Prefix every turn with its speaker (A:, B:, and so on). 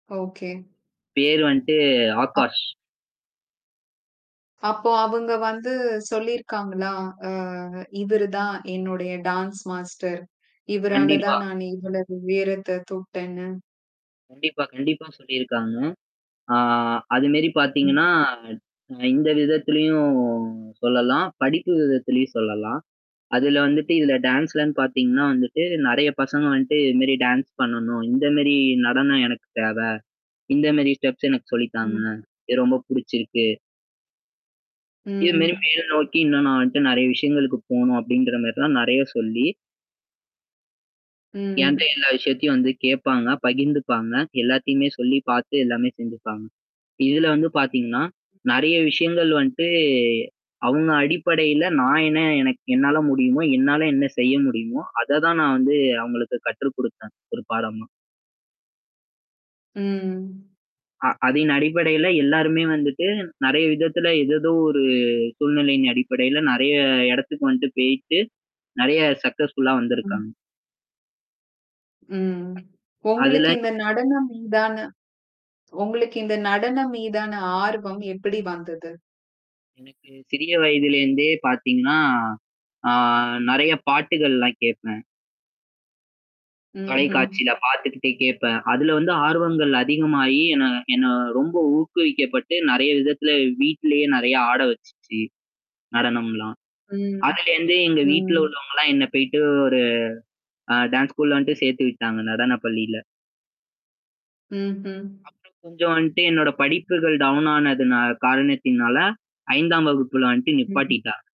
A: Okay.
B: பெயர் வந்துட்டு
A: அ.
B: ஆகாஷ்.
A: அப்போ அவங்க வந்து சொல்லியிருக்காங்களா? அ இவரு தான் என்னுடைய டான்ஸ் மாஸ்டர். இவரால
B: கண்டிப்பா.
A: தான் நான் இவ்வளவு உயரத்த தொட்டேன்னு.
B: கண்டிப்பா, கண்டிப்பா சொல்லியிருக்காங்க. ஆ அதுமாரி
A: ம்.
B: பாத்தீங்கன்னா. அ இந்த விதத்திலயும் சொல்லலாம். படிப்பு விதத்திலயும் சொல்லலாம். அதுல வந்துட்டு இதுல டான்ஸ்லன்னு பாத்தீங்கன்னா வந்துட்டு நெறைய பசங்க வந்துட்டு இதுமரி டான்ஸ் பண்ணணும். இந்த மாரி நடனம் எனக்கு தேவை. இந்த மாரி ஸ்டெப்ஸ் எனக்கு சொல்லி தாங்க.
A: ம்.
B: இது ரொம்ப புடிச்சிருக்கு. இது மாரி
A: ம்.
B: மேல் நோக்கி, இன்னும் நான் வந்துட்டு நெறைய விஷயங்களுக்கு போணும் அப்டின்ற மாரிலாம் நெறைய சொல்லி என்ட்ட
A: ம்.
B: எல்லா விஷயத்தையும் வந்து கேட்பாங்க. பகிர்ந்துப்பாங்க. எல்லாத்தையுமே சொல்லி பாத்து எல்லாமே செஞ்சுப்பாங்க. இதுல வந்து பாத்தீங்கன்னா. நெறைய விஷயங்கள் வந்துட்டு, அவங்க அடிப்படையில நான் என்ன எனக்கு என்னால முடியுமோ? என்னால என்ன செய்ய முடியுமோ? அத தான் நான் வந்து அவங்களுக்கு கற்று குடுத்தேன். ஒரு பாடமா.
A: ம்.
B: அ அதன் அடிப்படையில எல்லாருமே வந்துட்டு நெறைய விதத்துல ஏதேதோ ஒரு சூழ்நிலையின் அடிப்படையில நெறைய இடத்துக்கு வந்துட்டு போயிட்டு, நெறைய சக்ஸஸ்ஃபுல்லா
A: ம்.
B: வந்திருக்காங்க.
A: ம். உங்களுக்கு
B: அதுல.
A: இந்த நடனம் மீதான உங்களுக்கு இந்த நடனம் மீதான ஆர்வம் எப்படி வந்தது?
B: எனக்கு சிறிய வயதிலருந்தே பாத்தீங்கன்னா. ஆ நெறைய பாட்டுகள்லாம் கேப்பேன்.
A: ம்ஹ்ம்.
B: தொலைக்காட்சில பாத்துக்கிட்டே கேட்பேன். அதுல வந்து ஆர்வங்கள் அதிகமாகி என்ன என்ன ரொம்ப ஊக்குவிக்கப்பட்டு நெறைய விதத்தில வீட்லேயே நெறைய ஆட வச்சுச்சு. நடணம்லாம்.
A: ம்.
B: அதுலேருந்து எங்க வீட்ல
A: ம்.
B: உள்ளவங்கலாம் என்ன போயிட்டு ஒரு, ஆ டான்ஸ் ஸ்கூல வந்துட்டு சேர்த்து விட்டாங்க. நடன பள்ளில.
A: ம்ஹ்ம்.
B: அப்புறம் கொஞ்சம் வந்துட்டு என்னோட படிப்புகள் டவுன் ஆனதுனால காரணத்தினால. 5 வகுப்புல வந்துட்டு
A: ம்ஹ்ம்.
B: நிப்பாட்டிட்டா